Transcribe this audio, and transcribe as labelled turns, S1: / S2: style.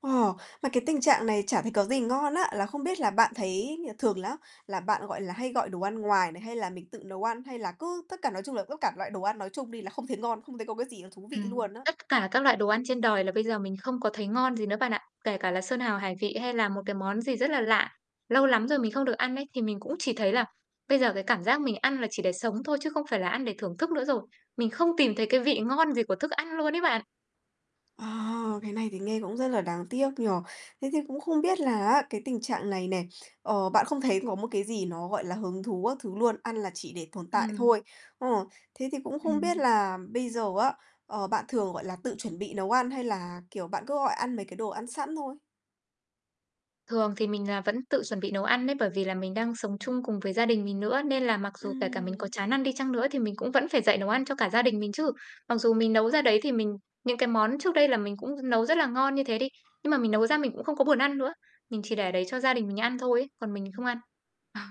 S1: Ồ, mà cái tình trạng này chả thấy có gì ngon á, là không biết là bạn thấy, ờ, thường lá là bạn, gọi là, hay gọi đồ ăn ngoài này hay là mình tự nấu ăn? Hay là cứ tất cả nói chung là tất cả loại đồ ăn nói chung đi là không thấy ngon, không thấy có cái gì thú vị
S2: Ừm,
S1: luôn á?
S2: tất cả các loại đồ ăn trên đời là bây giờ mình không có thấy ngon gì nữa bạn ạ. Kể cả là sơn hào hải vị hay là một cái món gì rất là lạ, lâu lắm rồi mình không được ăn ấy, thì mình cũng chỉ thấy là bây giờ cái cảm giác mình ăn là chỉ để sống thôi chứ không phải là ăn để thưởng thức nữa rồi. Mình không tìm thấy cái vị ngon gì của thức ăn luôn ấy bạn.
S1: À, cái này thì nghe cũng rất là đáng tiếc nhỉ. Thế thì cũng không biết là á cái tình trạng này nè, ờ, bạn không thấy có một cái gì nó, gọi là, hứng thú các thứ luôn, ăn là chỉ để tồn tại
S2: Ừm.
S1: thôi. Ờ, thế thì cũng không biết
S2: Ừm.
S1: là bây giờ á, ờ, bạn thường, gọi là, tự chuẩn bị nấu ăn hay là, kiểu, bạn cứ gọi ăn mấy cái đồ ăn sẵn thôi?
S2: Thường thì mình là vẫn tự chuẩn bị nấu ăn ấy, bởi vì là mình đang sống chung cùng với gia đình mình nữa, nên là mặc dù kể cả mình có
S1: Ừm.
S2: chán ăn đi chăng nữa thì mình cũng vẫn phải dậy nấu ăn cho cả gia đình mình chứ. Mặc dù mình nấu ra đấy thì mình những cái món trước đây là mình cũng nấu rất là ngon như thế đi, nhưng mà mình nấu ra mình cũng không có buồn ăn nữa. Mình chỉ để đấy cho gia đình mình ăn thôi ấy, còn mình không ăn. Ờ.